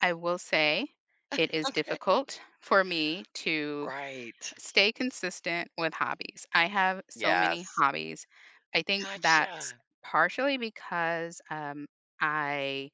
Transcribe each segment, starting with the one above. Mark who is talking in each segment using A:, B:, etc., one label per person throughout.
A: I will say it is
B: Okay.
A: difficult for me to
B: Right.
A: stay consistent with hobbies, I have so many
B: Yes.
A: hobbies. I think that's
B: Gotcha.
A: partially because, um, I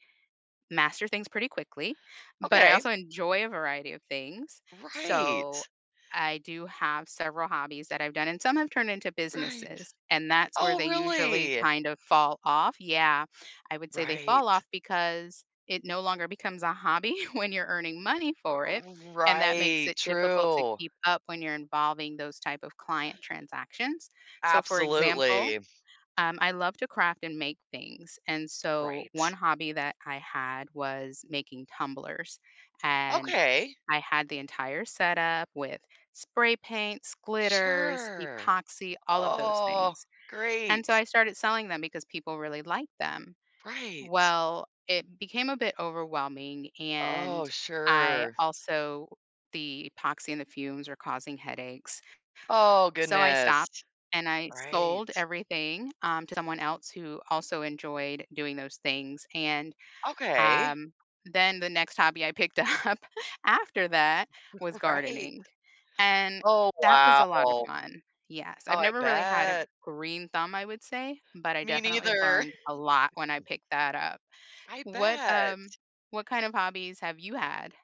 A: master things pretty quickly, but I
B: Okay.
A: also enjoy a variety of things, so
B: Right!
A: I do have several hobbies that I've done, and some have turned into
B: Right.
A: businesses, and that's where
B: Oh,
A: they usually
B: really?!
A: kind of fall off Yeah, I would say they fall
B: Right.
A: off because it no longer becomes a hobby when you're earning money for it,
B: Uh,
A: and that makes
B: right,
A: it difficult to
B: true!
A: keep up when you're involving those type of client transactions, so for example,
B: Absolutely.
A: um, I love to craft and make things, and so 1
B: Right.
A: hobby that I had was making tumblers, and
B: Okay.
A: I had the entire setup with spray paints, glitters,
B: Sure.
A: epoxy, all of those
B: Oh,
A: things, and
B: great!
A: so I started selling them because people really liked them.
B: Right.
A: Well, it became a bit overwhelming and
B: Oh,
A: I
B: sure.
A: also the epoxy and the fumes were causing headaches.
B: Oh,
A: So I
B: goodness!
A: stopped and I
B: Right.
A: sold everything, um, to someone else who also enjoyed doing those things, and,
B: Okay.
A: um, then the next hobby I picked up after that was
B: Right.
A: gardening, and
B: Oh
A: that was
B: wow!
A: a lotta
B: Oh,
A: fun. Yes, I've
B: I
A: never really had a
B: bet!
A: green thumb, I would say, but I
B: Me
A: definitely
B: neither!
A: learned a lot when I picked that up.
B: I
A: What, um
B: bet!
A: what kind of hobbies have you had?